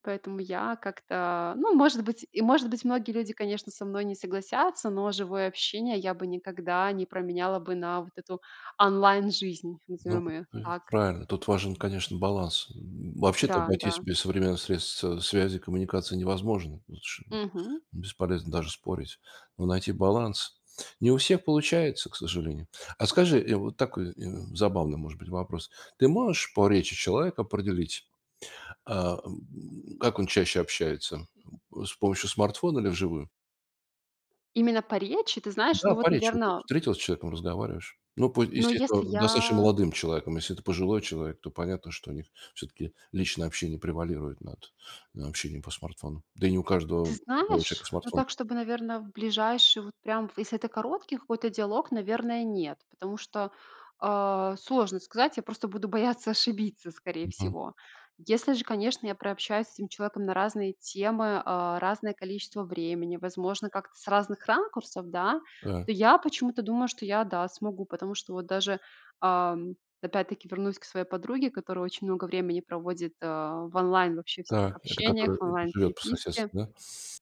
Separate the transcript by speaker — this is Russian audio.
Speaker 1: Поэтому я как-то ну, может быть, и, может быть, многие люди, конечно, со мной не согласятся, но живое общение я бы никогда не променяла бы на вот эту онлайн-жизнь,
Speaker 2: Ну,
Speaker 1: назовём её
Speaker 2: э,
Speaker 1: так.
Speaker 2: правильно, тут важен, конечно, баланс, м. Вообще-то
Speaker 1: Да,
Speaker 2: обойтись
Speaker 1: да.
Speaker 2: без современных средств, э, связи и коммуникации невозможно лучше.
Speaker 1: Мгм.
Speaker 2: Бесполезно даже спорить, но найти баланс. Не у всех получается, к сожалению. А скажи, э, вот такой, э, забавный, может быть, вопрос. Ты можешь по речи человека определить, а, м, как он чаще общается? Э, с помощью смартфона или вживую?
Speaker 1: Именно по речи, ты знаешь,
Speaker 2: Да,
Speaker 1: ну вот,
Speaker 2: по речи. Вот ты
Speaker 1: наверно
Speaker 2: встретилась с человеком, разговариваешь. Ну, по
Speaker 1: но если
Speaker 2: естественно, достаточно
Speaker 1: я
Speaker 2: молодым человеком. Если это пожилой человек, то понятно, что у них всё-таки личное общение превалирует над, э, общением по смартфону. Да и не у
Speaker 1: Ты
Speaker 2: каждого пожилого
Speaker 1: знаешь,
Speaker 2: человека
Speaker 1: ну
Speaker 2: смартфон
Speaker 1: так, чтобы, наверно, в ближайший, вот прям, в если это короткий какой-то диалог, наверное, нет, потому что, а, сложно сказать. Я просто буду бояться ошибиться, скорее
Speaker 2: Мгм.
Speaker 1: всего. Если же, конечно, я прообщаюсь с этим человеком на разные темы, а, разное количество времени, возможно, как-то с разных ракурсов, да,
Speaker 2: Э.
Speaker 1: то я почему-то думаю, что я, да, смогу. Потому что вот даже, ам, опять-таки вернусь к своей подруге, которая очень много времени проводит, а, в онлайн вообще всяких
Speaker 2: Та, это
Speaker 1: общениях,
Speaker 2: который
Speaker 1: в
Speaker 2: живет по соседству,
Speaker 1: онлайн-переписке
Speaker 2: да?